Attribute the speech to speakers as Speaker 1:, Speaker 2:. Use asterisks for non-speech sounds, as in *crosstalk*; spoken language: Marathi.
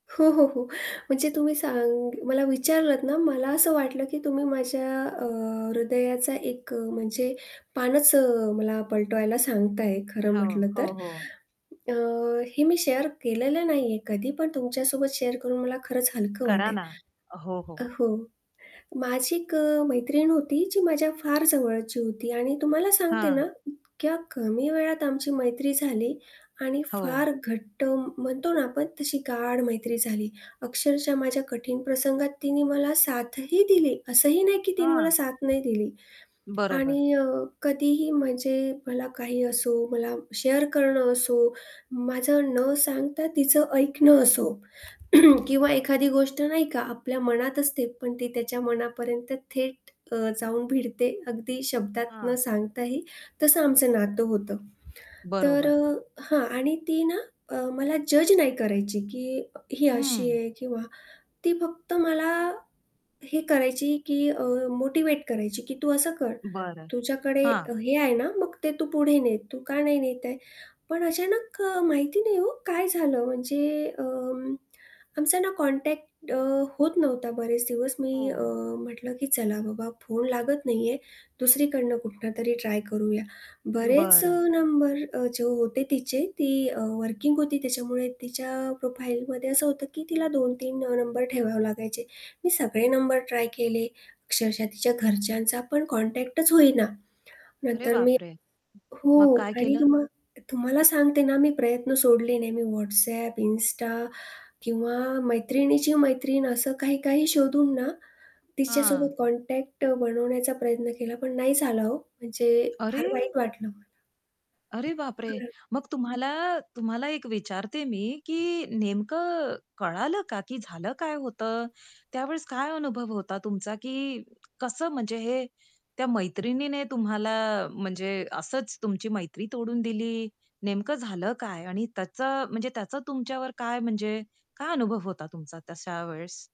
Speaker 1: हो, हो, हो. म्हणजे तुम्ही सांग मला विचारलंत ना मला असं वाटलं की तुम्ही माझ्या अ, हृदयाचा एक अ, म्हणजे पानच अ, मला पलटवायला सांगताय, खरं
Speaker 2: हो.
Speaker 1: म्हटलं तर.
Speaker 2: हो, हो.
Speaker 1: अ, हे मी शेअर केलेलं नाही आहे कधी पण तुमच्यासोबत शेअर करून मला खरंच हलकं
Speaker 2: करा
Speaker 1: वाटेल
Speaker 2: ना. हो, हो.
Speaker 1: अ, हो, माझी एक अ, मैत्रीण होती जी माझ्या फार जवळची होती आणि तुम्हाला सांगते
Speaker 2: हां.
Speaker 1: ना इतक्या कमी वेळात आमची मैत्री झाली आणि
Speaker 2: हो.
Speaker 1: फार घट्ट म्ह म्हणतो ना आपण तशी गाढ मैत्री झाली, अक्षरशः माझ्या कठीण प्रसंगात तिनी मला साथही दिली, असंही नाही की तिने मला
Speaker 2: हां.
Speaker 1: साथ नाही दिली
Speaker 2: बरोबर.
Speaker 1: आणि अ, कधीही म्हणजे मला काही असो, मला शेअर करणं असो, माझं न सांगता तिचं ऐकणं असो *clears throat* किंवा एखादी गोष्ट, नाही का, आपल्या मनात असते, पण ती त्याच्या मनापर्यंत थेट अ, जाऊन भिडते अगदी शब्दात न
Speaker 2: हां.
Speaker 1: सांगताही, तसं आमचं नातं होतं. तर
Speaker 2: बरोबर.
Speaker 1: अ, हां आणि ती ना अ, मला जज नाही करायची, की ही अशी
Speaker 2: हं.
Speaker 1: आहे किंवा ती फक्त मला हे करायची की अ, मोटिव्हेट करायची, की "तू असं कर,
Speaker 2: बरं,
Speaker 1: तुझ्याकडे
Speaker 2: हां.
Speaker 1: अ, हे आहे ना, मग ते तू पुढे ने. तू का नाही नेता आहे?" पण अचानक माहिती नाही हो काय झालं? म्हणजे अं, आमचा ना अ, कॉन्टॅक्ट अ, होत नव्हता बरेच दिवस. मी अ,
Speaker 2: हो.
Speaker 1: म्हटलं, की चला बाबा फोन लागत नाही आहे दुसरीकडनं कुठूनतरी ट्राय करूया. बरेच अ,
Speaker 2: बरं.
Speaker 1: नंबर अ, जे होते तिचे ती अ, वर्किंग होती त्याच्यामुळे तिच्या प्रोफाईलमध्ये असं होतं की तिला 2-3 अ, नंबर ठेवावे लागायचे. मी सगळे नंबर ट्राय केले, अक्षरशः तिच्या घरच्यांचा पण कॉन्टॅक्टच होईना.
Speaker 2: अरे
Speaker 1: नंतर मी
Speaker 2: बापरे!
Speaker 1: हो
Speaker 2: मग काय
Speaker 1: आणि
Speaker 2: केलं?
Speaker 1: तुम्हा तुम्हाला सांगते ना मी प्रयत्न सोडले नाही मी WhatsApp, Insta किंवा मैत्रिणीची मैत्रीण असं काही-काही शोधून ना
Speaker 2: हां.
Speaker 1: तिच्यासोबत कॉन्टॅक्ट अ, बनवण्याचा प्रयत्न केला, पण नाही झाला हो. म्हणजे फार
Speaker 2: अरे!
Speaker 1: वाईट वाटलं मला.
Speaker 2: अरे बापरे!
Speaker 1: *unintelligible*
Speaker 2: मग तुम्हाला तुम्हाला एक विचारते मी, की नेमकं कळालं का, की झालं काय होतं? त्यावेळेस काय अनुभव होता तुमचा, की कसं म्हणजे हे त्या मैत्रिणीने तुम्हाला म्हणजे असंच तुमची मैत्री तोडून दिली, नेमकं झालं काय? आणि त्याचं म्हणजे त्याचं तुमच्यावर काय म्हणजे काय अनुभव होता तुमचा तशा वेळेस?